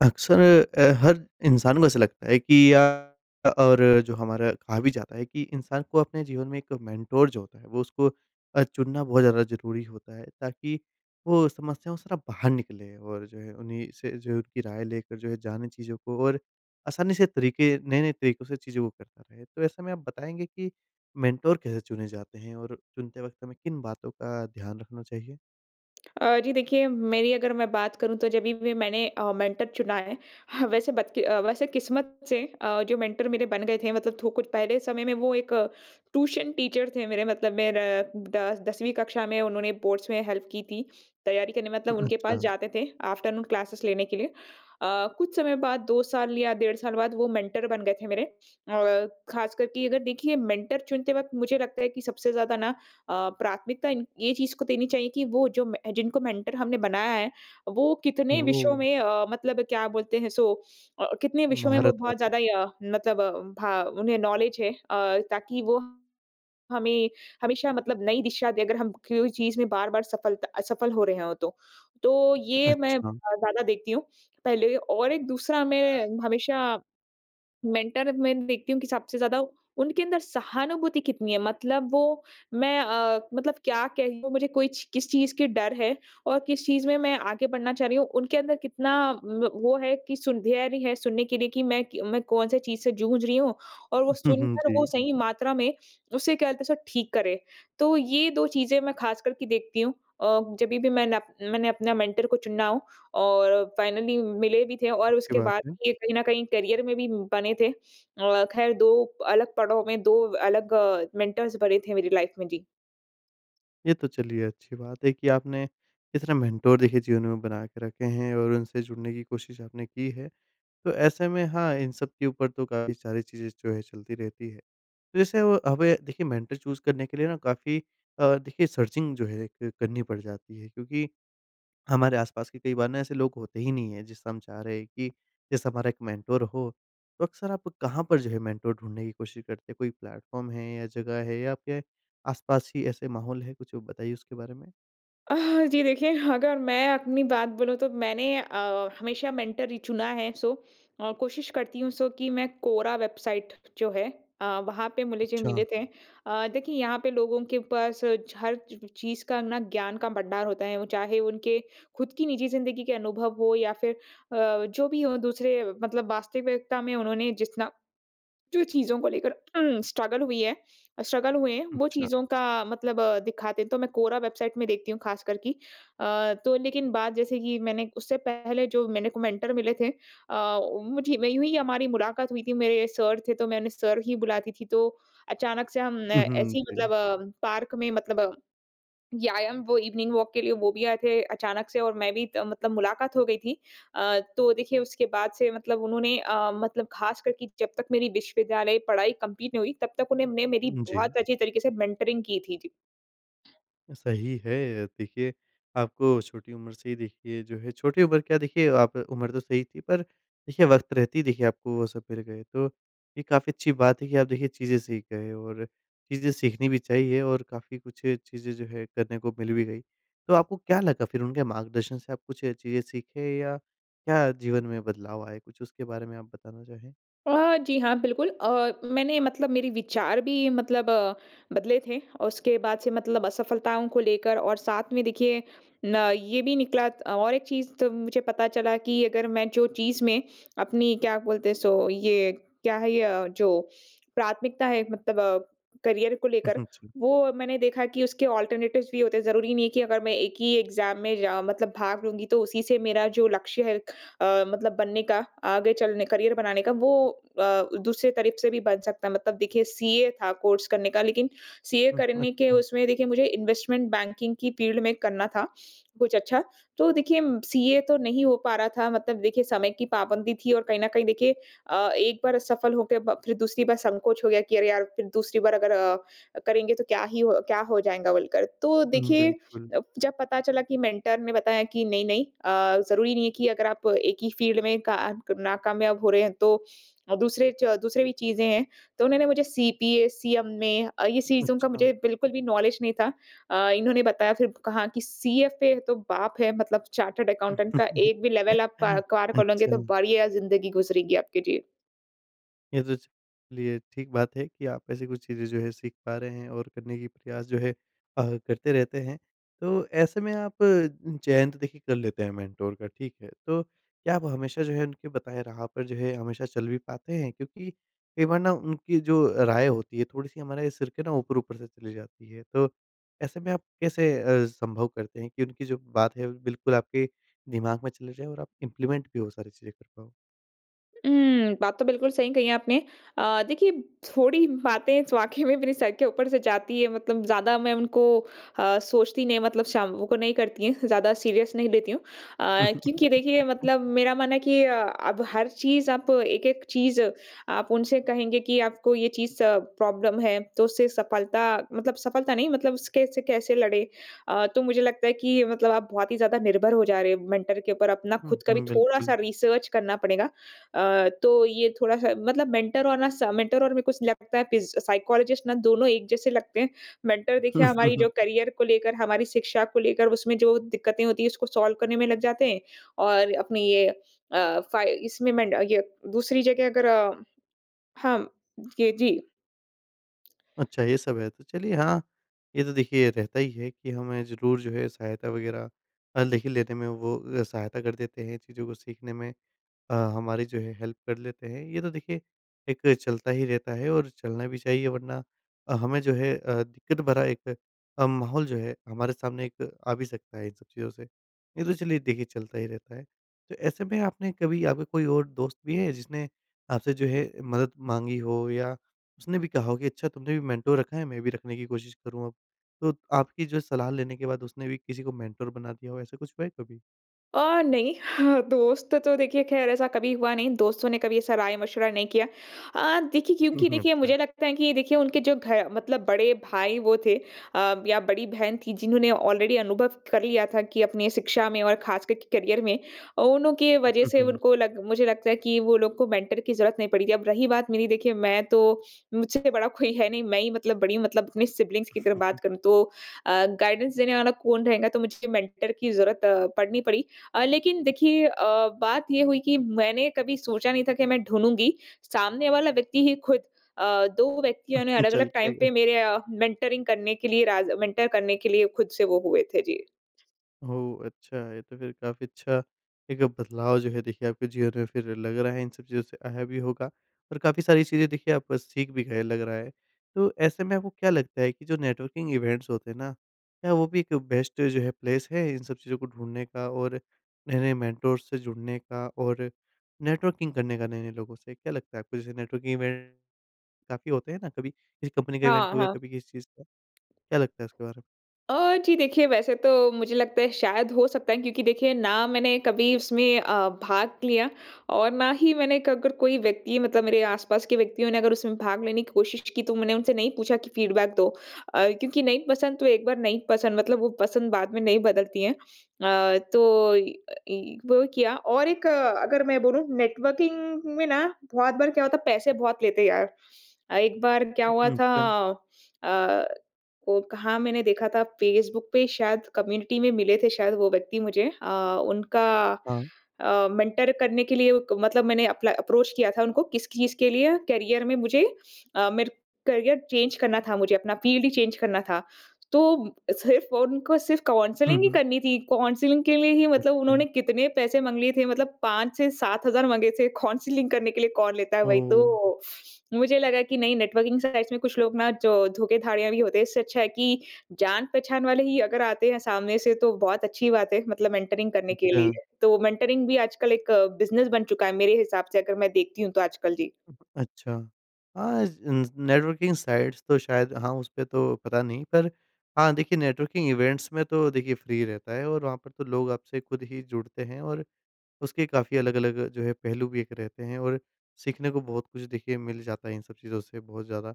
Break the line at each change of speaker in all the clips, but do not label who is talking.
अक्सर अ, हर इंसान को ऐसा लगता है कि या अ, और जो हमारा, कहा भी जाता है कि इंसान को अपने जीवन में एक मेंटोर जो होता है, वो उसको अ, चुनना बहुत ज़्यादा ज़रूरी होता है ताकि वो समस्याओं से ना, बाहर निकले और जो है उन्हीं से जो उनकी राय लेकर जो है जाने चीज़ों को और आसानी से तरीके नए-नए तरीकों से चीज़ों को करता रहे। तो ऐसे में आप बताएँगे कि मेंटोर कैसे चुने जाते हैं और चुनते वक़्त हमें किन बातों का ध्यान रखना चाहिए?
अ, जी देखिए, मेरी अगर मैं बात करूँ तो जभी भी मैंने अ, मेंटर चुना है, ह वैसे बदकि अ, वैसे किस्मत से अ, जो मेंटर मेरे बन गए थे मतलब थो कुछ पहले समय में वो एक ट्यूशन टीचर थे। मेरे मतलब मेर अ, द 10वीं कक्षा में उन्होंने बोर्ड्स में हेल्प की थी, तैयारी करने मतलब
उम,
उनके पास
अच्छा।
जाते थे आफ्टरनून क्लासेस लेने के लिए। अ, कुछ समय बाद 2 साल या डेढ़ साल बाद वो मेंटर बन गए थे मेरे। अ, खासकर की अगर देखिए मेंटर चुनते वक़्त मुझे लगता है कि सबसे ज़्यादा ना अ, प्राथमिकता इन ये चीज़ को देनी चाहिए कि वो जो, म जिनको मेंटर हमने बनाया है वो कितने विषयों
ओह!
में अ, मतलब क्या बोलते हैं सो अ अ, कितने विषयों में वो
महारत
बहुत
है।
ज़्यादा अ, मतलब भ उन्हें नॉलेज है। अ, ताकि वो हमें हमेशा मतलब नई दिशा दे अगर हम क्यू चीज़ में बार-बार सफलता असफल हो रहे हो तो। तो ये मैं अ,
अच्छा।
ज़्यादा देखती हूँ। पहले और एक दूसरा मैं हमेशा, मेंटर मैं देखती हूँ कि सबसे ज़्यादा उनके अंदर सहानुभूति कितनी है, मतलब वो मैं अ, मतलब क्या कह लूँ मुझे कोई च किस चीज़ के डर है और किस चीज़ में मैं आगे बढ़ना चाह रही हूँ, उनके अंदर कितना व वो है कि सुंध्यारी है, सुनने के लिए कि, मैं कि मैं कौन-से चीज़ से जूझ रही हूँ और
उ,
वो
हुँ, हुँ,
सुनकर वो
जी।
सही मात्रा में उसे, क्या बोलते हैं उसे ठीक करें। तो ये 2 चीज़ें मैं खासकर कि देखती हूँ अ, जभी भी मैन मैंने अपने मेंटर को चुनना हो और फाइनली मिले भी थे और
अच्छी
उसके
बात
बाद
है।
भी ये कहीं न कहीं करियर में भी बने थे। अ, खैर 2 अलग पड़ाव में 2 अलग अ, मेंटर्स बने थे मेरी लाइफ में। जी।
ये तो चलिए अच्छी बात है कि आपने इतने मेंटर देखिए जीवन में बना के रखे हैं और उनसे जुड़ने की कोशिश आपने की है। तो ऐसे में हाँ इन सब के ऊपर तो काफ़ी सारी चीज़ें जो है चलती रहती है। तो जैसे वो हमें देखिए मेंटर चूज़ करने के लिए ना काफ़ी अ, देखिए सर्चिंग जो है ए एक करनी पड़ जाती है क्योंकि हमारे आस-पास के कई बार ना ऐसे लोग होते ही नहीं हैं जिससे हम चाह रहे हैं कि जैसे हमारा 1 मेंटर हो। तो अक्सर आप कहाँ पर जो है मेंटर ढूँढने की कोशिश करते हैं? कोई प्लेटफ़ॉर्म है? या जगह है या आपके आस-पास ही ऐसे माहौल है? कुछ बताइए उसके बारे में।
अह, जी। देखिए अगर मैं अपनी बात बोलूँ तो मैंने अ, हमेशा मेंटर ही चुना है सो और कोशिश करती हूँ सो कि मैं कोरा वेबसाइट जो है अ, वहाँ पे मिले ज
अच्छा।
मिले थे। अ, देखिए यहाँ पर लोगों के पास छ हर चीज़ का ना ज्ञान का भंडार होता है। वो चाहे उनके ख़ुद की निजी ज़िंदगी के अनुभव हो या फ़िर अ, जो भी हो दूसरे मतलब वास्तविकता में उन्होंने जितना जो चीज़ों को लेकर स्ट्रगल हुई है स्ट्रगल हुए हैं। वो
अच्छा।
चीज़ों का मतलब दिखाते हैं। तो मैं कोरा वेबसाइट में देखती हूँ ख़ास करके अ, तो लेकिन बात जैसे कि मैंने उससे पहले जो मैंने को मेंटर मिले थे अ, मुझे वही हुई हमारी मुलाकात हुई थी। मेरे सर थे तो मैंने सर ही बुलाती थी तो अचानक से हम
हुँ, हुँ।
ऐसे ही
जी।
मतलब अ, पार्क में मतलब या याम वो इवनिंग वॉक के लिए वो भी आए थे अचानक से और मैं भी त मतलब मुलाकात हो गई थी। अ, तो देखिए उसके बाद से मतलब उन्होंने अ, मतलब ख़ास करके जब तक मेरी विश्वविद्यालय पढ़ाई कंप्लीट नहीं हुई तब तक उन्होंने मैं मेरी
जी।
बहुत अच्छी तरीके से मेंटरिंग की थी। जी।
सही है अ, देखिए आपको छोटी उम्र से ही देखिए जो है छोटी उम्र क्या देखिए आप उम्र तो सही थी पर देखिए वक़्त रहते ही देखिए आपको वो सब मिल गए तो ये काफ़ी अच्छी बात है कि आप देखिए चीज़ें सीख गए। और चीज़ें सीखनी भी चाहिए और काफ़ी कुछ चीज़ें जो है करने को मिल भी गई। तो आपको क्या लगा फिर उनके मार्गदर्शन से आप कुछ चीज़ें सीखे? या क्या जीवन में बदलाव आए कुछ उसके बारे में आप बताना चाहें?
अ, जी। हाँ, बिल्कुल अ, मैंने मतलब मेरे विचार भी मतलब अ, बदले थे औ उसके बाद से मतलब असफ़लताओं को लेकर और साथ में देखिए न ये भी निकला त और एक चीज़ तब मुझे पता चला कि अगर मैं जो चीज़ में अपनी क्या बोलते हैं? सो ये क्या है? ये जो प्राथमिकता है मतलब करियर को लेकर
उहुँ, जी।
वो मैंने देखा कि उसके अल्टरनेटिव्स भी होते हैं। ज़रूरी नहीं है कि अगर मैं एक ही एग्जाम में जाओ मतलब भाग लूँगी तो उसी से मेरा जो लक्ष्य है अ, मतलब बनने का आगे चलने करियर बनाने का वो अ, दूसरे तरफ़ से भी बन सकता है। मतलब देखिए सीए था कोर्स करने का लेकिन सीए
हुँ,
करने के
अच्छा।
उसमें देखिए मुझे इन्वेस्टमेंट बैंकिंग की फ़ील्ड में करना था कुछ अच्छा। तो देखिए सीए तो नहीं हो पा रहा था मतलब देखिए समय की पाबंदी थी और कहीं न कहीं देखिए अ, एक बार असफ़ल हो के ब फ़िर दूसरी बार संकोच हो गया कि अरे यार! फ़िर दूसरी बार अगर अ, करेंगे तो क्या ही हो क्या हो जाएँगा बोलकर। तो
हुँ,
देखिए
बिल्कुल।
जब पता चला कि मेंटर ने बताया कि नहीं नहीं अ, ज़रूरी नहीं है कि अगर आप एक ही फील्ड में का नाकामयाब हो रहे हैं तो दूसरे च दूसरे भी चीज़ें हैं। तो उन्होंने मुझे सीपीए सीएमए अ, ये सीज़ों का
अच्छा।
मुझे बिल्कुल भी नॉलेज नहीं था। अ, इन्होंने बताया फ़िर कहा कि सीएफ फ़िर तो बाप है मतलब चार्टर्ड अकाउंटेंट का एक भी लेवल आप प क्वार कर लोगे तो
अच्छा।
बढ़िया ज़िन्दगी गुज़रेगी आपकी। जी।
ये तो ज चलिए ठीक बात है कि आप ऐसी कुछ चीज़ें जो है सीख पा रहे हैं और करने की प्रयास जो है अ, करते रहते हैं। तो ऐसे में आप चयन तो देखिए कर लेते हैं मेंटोर का ठीक है। तो क्या आप हमेशा जो है उनके बताए राह पर जो है हमेशा चल भी पाते हैं? क्योंकि कई बार ना उनकी जो राय होती है थोड़ी-सी हमारा सिर के ना ऊपर-ऊपर से चली जाती है। तो ऐसे में आप कैसे अ, संभव करते हैं कि उनकी जो बात है बिल्कुल आपके दिमाग में चले जाए और आप इम्प्लीमेंट भी वो सारी चीज़ें कर पाओ?
हुँ। बात तो बिल्कुल सही कही है आपने। अ, देखिए थोड़ी बातें वाक़ई में मेरे सर के ऊपर से जाती हैं मतलब ज़्यादा मैं उनको अ, सोचती नहीं मतलब शाम को नहीं करती हैं ज़्यादा सीरियस नहीं लेती हूँ। अ, क्योंकि देखिए मतलब मेरा मानना है कि अ, अब हर चीज़ आप एक-एक चीज़ आप उनसे कहेंगे कि आपको ये चीज़ स प्रॉब्लम है तो उससे सफलता मतलब सफलता नहीं मतलब उस कैसे-कैसे लड़े। अ, तो मुझे लगता है कि मतलब आप बहुत ही ज़्यादा निर्भर हो जा रहे हो मेंटर के ऊपर अपना
हुँ,
ख़ुद का भी
हुँ।
थोड़ा-सा
बिल्कुल।
रिसर्च करना पड़ेगा। अ, तो ये थोड़ा-सा मतलब मेंटर और ना स मेंटर और मेरे को लगता है पिज़ साइकोलॉज़िस्ट ना दोनों एक जैसे लगते हैं। मेंटर देखिए हमारी जो करियर को लेकर हमारी शिक्षा को लेकर उसमें जो दिक्कतें होती हैं उसको सॉल्व करने में लग जाते हैं। और अपनी ये अ, फ़ाई इसमें मेंड ये दूसरी जगह अगर हाँ म ये, जी।
अच्छा ये सब है। तो चलिए हाँ, ये तो देखिए रहता ही है कि हमें ज़रूर जो है सहायता वग़ैरह अ, लेकिन लेने में वो सहायता कर देते हैं चीज़ों को सीखने में अ, हमारी जो है हेल्प कर लेते हैं। ये तो देखिए एक चलता ही रहता है और चलना भी चाहिए वरना अ, हमें जो है अ, दिक्कत भरा एक अ, माहौल जो है हमारे सामने एक आ भी सकता है इन सब चीज़ों से। ये तो चलिए देखिए चलता ही रहता है। तो ऐसे में आपने कभी आपके कोई और दोस्त भी है जिसने आपसे जो है मदद माँगी हो या उसने भी कहा हो कि अच्छा तुमने भी मेंटोर रखा है मैं भी रखने की कोशिश करूँगा? तो आपकी जो सलाह लेने के बाद उसने भी किसी को मेंटोर बना दिया हो ऐसा कुछ हुआ है कभी?
अ, नहीं, दोस्त तो देखिए ख़ैर ऐसा कभी हुआ नहीं, दोस्तों ने कभी ऐसा राय मशविरा नहीं किया। अ, देखिए क्योंकि देखिए
अच्छा।
मुझे लगता है कि ये देखिए उनके जो घर मतलब बड़े भाई वो थे अ, या बड़ी बहन थी जिन्होंने ऑलरेडी अनुभव कर लिया था कि अपनी शिक्षा में और ख़ासकर के करियर में। अ, उनकी वजह से उनको लग मुझे लगता है कि वो लोग को मेंटर की ज़रूरत नहीं पड़ी थी, अब रही बात मेरी, देखिए मैं तो मुझसे बड़ा कोई है नहीं, मैं ही मतलब बड़ी मतलब अपने सिबलिंग्स की अगर बात करूँ तो अ, गाइडेंस देने वाला कौन रहेगा, तो मुझे मेंटर की जरूरत पड़नी पड़ी। अ, लेकिन देखिए अ, बात ये हुई कि मैंने कभी सोचा नहीं था कि मैं ढूँढूँगी, सामने वाला व्यक्ति ही ख़ुद अ, 2 व्यक्तियों ने
चल
अलग-अलग
के
टाइम
आएगा।
पे मेरे अ, मेंटरिंग करने के लिए राज मेंटर करने के लिए ख़ुद से वो हुए थे। जी।
ओह अच्छा! ये तो फिर काफ़ी अच्छा एक बदलाव जो है देखिए आपके जीवन में फिर लग रहा है इन सब चीज़ों से आया भी होगा, और काफ़ी सारी चीज़ें देखिए आप सीख भी गए लग रहा है। तो ऐसे में आपको क्या लगता है कि जो नेटवर्किंग इवेंट्स होते हैं ना, क्या वो भी एक बेस्ट जो है प्लेस है इन सब चीज़ों को ढूँढ़ने का और नए-नए मेंटर से जुड़ने का और नेटवर्किंग करने का नए-नए लोगों से? क्या लगता है आपको? जैसे नेटवर्किंग इवेंट, काफ़ी होते हैं ना, कभी किसी कंपनी का इवेंट
हाँ,
हो गया,
हाँ।
कभी किसी चीज़ का, क्या लगता है उसके बारे में?
अ, जी देखिए, वैसे तो मुझे लगता है शायद हो सकता है, क्योंकि देखिए ना मैंने कभी उसमें अ, भाग लिया और ना ही मैंने क अगर कोई व्यक्ति मतलब मेरे आस-पास के व्यक्तियों ने अगर उसमें भाग लेने की कोशिश की, तो मैंने उनसे नहीं पूछा कि फीडबैक दो। अ, क्योंकि नहीं पसंद तो एक बार नहीं पसंद मतलब वो पसंद बाद में नहीं बदलती है। अ, तो इ अ, इ वो किया और एक अगर मैं बोलूँ नेटवर्किंग में ना, बहुत बार क्या होता है पैसे बहुत लेते यार अ, एक बार क्या हुआ
उम,
था?
अच्छा।
अ, वो कहाँ मैंने देखा था फेसबुक पे शायद कम्युनिटी में मिले थे शायद वो व्यक्ति मुझे अ, उनका
हाँ।
अ, मेंटर करने के लिए ओ क मतलब मैंने अपला अप्रोच किया था उनको, किस चीज़ के लिए करियर में मुझे अ, मेरे करियर चेंज करना था मुझे अपना, फील्ड ही चेंज करना था। तो, म सिर्फ़ उनको सिर्फ़
हुँ,
काउंसलिंग ही
हुँ।
करनी थी, काउंसलिंग के लिए ही मतलब
अच्छा।
उन्होंने कितने पैसे माँग लिए थे मतलब 5 से 7 हज़ार माँगे थे, काउंसलिंग करने के लिए कौन लेता है वही
ओह!
तो। मुझे लगा कि नहीं, नेटवर्किंग साइट्स में कुछ लोग ना जो धोखे-धाड़ियाँ भी होते हैं, इससे अच्छा है कि जान पहचान वाले ही अगर आते हैं सामने से तो बहुत अच्छी बात है, मतलब मेंटरिंग करने के लिए।
अच्छा।
तो मेंटरिंग भी आजकल एक बिज़नेस बन चुका है मेरे हिसाब से अगर मैं देखती हूँ तो आजकल, जी।
अच्छा। हाँ, ज इन ज नेटवर्किंग साइट्स तो शायद हाँ, उसपे तो पता नहीं, पर हाँ, देखिए नेटवर्किंग इवेंट्स में तो देखिए फ्री ही रहता है और वहाँ पर तो लोग आपसे ख़ुद ही जुड़ते हैं। और उसके काफ़ी अलग-अलग जो है पहलू भी एक रहते हैं और सीखने को बहुत कुछ देखिए मिल जाता है इन सब चीज़ों से बहुत ज़्यादा,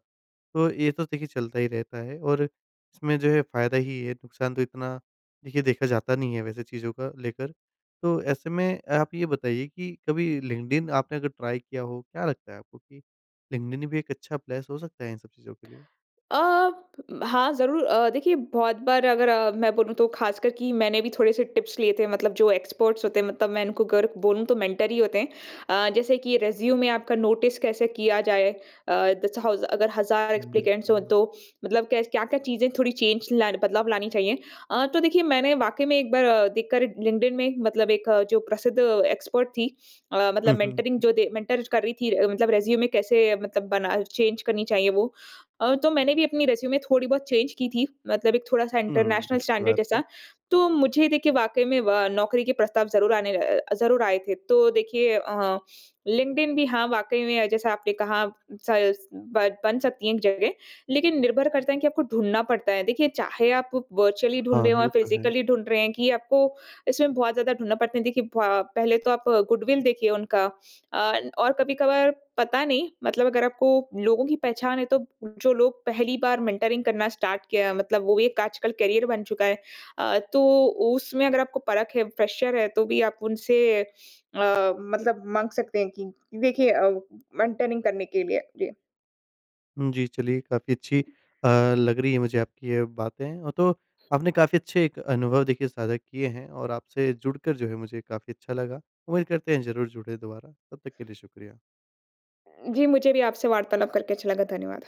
तो ये तो देखिए चलता ही रहता है। और इसमें जो है फायदा ही है, नुकसान तो इतना देखिए देखा जाता नहीं है वैसे चीज़ों का लेकर, तो ऐसे में आप ये बताइए कि कभी लिंक्डइन आपने अगर ट्राई किया हो, क्या लगता है आपको कि, लिंक्डइन भी एक अच्छा प्लेस हो सकता है इन सब चीज़ों के लिए?
अ, हाँ, ज़रूर अ, देखिए बहुत बार अगर अ, मैं बोलूँ तो खासकर की मैंने भी थोड़े-से टिप्स लिए थे, मतलब जो एक्सपर्ट्स होते हैं मतलब मैं इनको गर क बोलूँ तो मेंटर ही होते हैं। अ, जैसे कि रिज्यूमे आपका नोटिस कैसे किया जाए? अ, जैसे हाउ ज अगर हज़ार एप्लीकेंट्स हो
बिल्कुल।
तो मतलब कैस क्या-क्या चीज़ें थोड़ी चेंज ल बदलाव लानी चाहिए। अ, तो देखिए मैंने वाक़ई में एक बार देख कर लिंक्डइन में मतलब एक जो प्रसिद्ध एक्सपर्ट थी अ, मतलब
हुँ, हुँ,
मेंटरिंग
उ
जो दे मेंटर छ कर रही थी मतलब रिज्यूमे कैसे मतलब बना चेंज करनी चाहिए वो। अ, तो मैंने भी अपनी रिज्यूमे थोड़ी बहुत चेंज की थी, मतलब एक थोड़ा-सा
हुँ,
इंटरनेशनल
अच्छी
स्टैंडर्ड
बात है।
जैसा। तो मुझे देखिए वाक़ई में व नौकरी के प्रस्ताव ज़रूर आने अ, ज़रूर आए थे, तो देखिए अ, लिंक्डइन भी हाँ, वाक़ई में जैसा आपने कहा, सस ब बन सकती है एक जगह, लेकिन निर्भर करता है कि आपको ढूँढ़ना पड़ता है। देखिए, चाहे आप वर्चुअली ढूँढ़
हाँ,
रहे हो या
ये तो है।
फिजिकली ढूँढ़ रहे हैं कि, आपको इसमें बहुत ज़्यादा ढूँढ़ना पड़ता है। देखिए भा पहले तो आप गुडविल देखिए उनका अ, और कभी-कभार पता नहीं मतलब अगर आपको लोगों की पहचान है, तो जो लोग पहली बार मेंटरिंग करना स्टार्ट किया मतलब वो एक आजकल करियर बन चुका है। अ, तो उसमें अगर आपको परख़ है, फ्रेशर है, तो भी आप उनसे अ, मतलब माँग सकते हैं कि, देखिए अ, मेंटरिंग करने के लिए। जी।
जी, चलिए काफ़ी अच्छी अ, लग रही है मुझे आपकी ये बातें। अ, तो आपने काफ़ी अच्छे एक अनुभव देखिए साझा किए हैं और आपसे जुड़कर जो है मुझे काफ़ी अच्छा लगा। उम्मीद करते हैं ज़रूर जुड़े दोबारा, तब तक के लिए शुक्रिया।
उम, जी, मुझे भी आपसे वार्तालाप करके अच्छा लगा। धन्यवाद।